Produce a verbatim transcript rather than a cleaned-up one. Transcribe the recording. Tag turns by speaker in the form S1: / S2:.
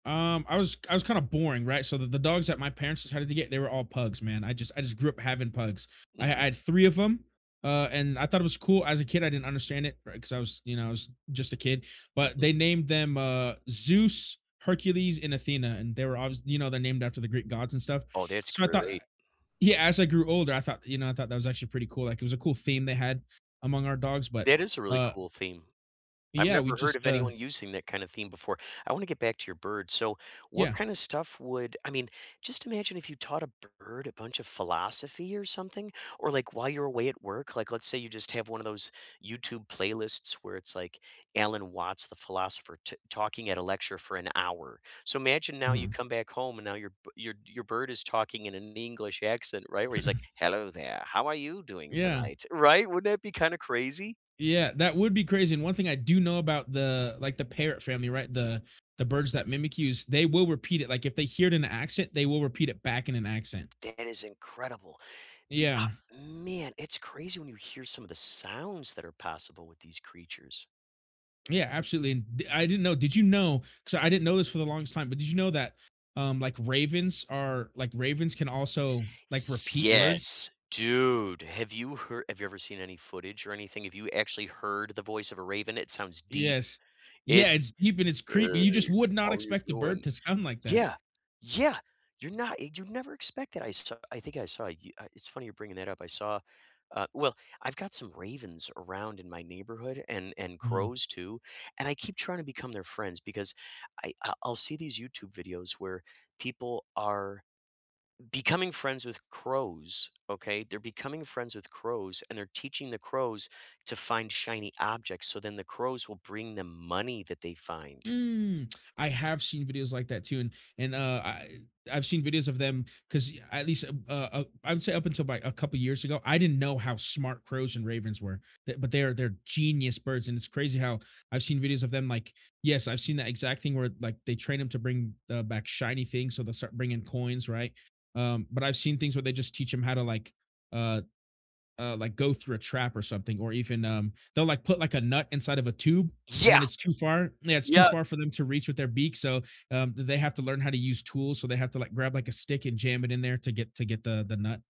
S1: Um, I was I was kinda boring, right? So, the the dogs that my parents decided to get, they were all pugs, man, I just I just grew up having pugs. I I
S2: Mhm.
S1: had three of 'em, uh, and I thought it was cool, as a kid, I didn't understand it, ri 'cause I was, you know, I was just a kid, but
S2: Mhm.
S1: they named them, uh, Zeus, Hercules, and Athena, and they were obvious You know, they're named after the Greek Gods and stuff,
S2: Oh, that's
S1: so, I thought I
S2: great.
S1: Yeah, as I grew older, I thought, you know, I thought that was actually pretty cool, like, it was a cool theme they had among our dogs, but,
S2: That is a really
S1: uh
S2: cool theme, I've
S1: Yeah, we
S2: never heard of
S1: just, uh
S2: anyone using that kind of theme before. I wanna get back to your bird, so what
S1: Yeah.
S2: kind of stuff would I mean, just imagine if you taught a b bird a bunch of philosophy or something or, like, while you're away at work, like, let's say you just have one of those YouTube playlists where it's, like, Alan Watts, the philosopher, ta talking at a lecture for an hour. So, imagine now you
S1: Uh-huh.
S2: come back home, and now your b your b your bird is talking in an English accent, right, where he's like, "Hello there, how are you doing
S1: Yeah.
S2: tonight?" Right? Wouldn't that be kinda crazy?
S1: Yeah, that would be crazy, and one thing I do know about the, like, the parrot family, right, the the birds that mimic you, is they will repeat it, like, if they hear it in an accent, they will repeat it back in an accent.
S2: That is incredible. The,
S1: Yeah.
S2: uh man, it's crazy when you hear some of the sounds that are possible with these creatures.
S1: Yeah, absolutely, and the I didn't know, did you know 'cause I didn't know this for the longest time, but did you know that, um, like, ravens are like, ravens can also, like, repeat words?
S2: Yes, dude, have you hear have you ever seen any footage or anything? Have you actually heard the voice of a raven? It sounds deep,
S1: Yes.
S2: it
S1: Yeah, it's you've been it's creepy,
S2: "Hey,
S1: you just would not
S2: how you
S1: expect the
S2: doin'?"
S1: bird to sound like that.
S2: Yeah, yeah, you're not eg you'd never expect that, I saw I think I saw a You Uh, it's funny you're bringing that up, I saw Uh, well, I've got some ravens around in my neighborhood and and
S1: Uh-huh.
S2: crows too, and I keep trying to become their friends, because I I'll I'll see these YouTube videos where people are becoming friends with crows, okay? They're becoming friends with crows, and they're teaching the crows to find shiny objects, so then the crows will bring them money that they find.
S1: Mm, I have seen videos like that too, and and, uh, I I've seen videos of them, 'cause y at least a b uh, I I would say up until by a couple years ago, I didn't know how smart crows and ravens were, but but they're they're genius birds, and it's crazy how I've seen videos of them, like Yes, I've seen that exact thing where it like, they train 'em to bring, uh, back shiny things, so they'll start bringing coins, right? Um, but I've seen things where they just teach 'em how to, like, uh uh, like, go through a trap or something or even, um they'll, like, put, like, a nut inside of a tube, and then
S2: Yeah!
S1: it's too far Yeah, it's too
S2: Yep.
S1: far for them to reach with their beak, so, um, the they have to learn how to use tools, so they have to, like, grab, like, a stick and jam it in there to get to get the the nut.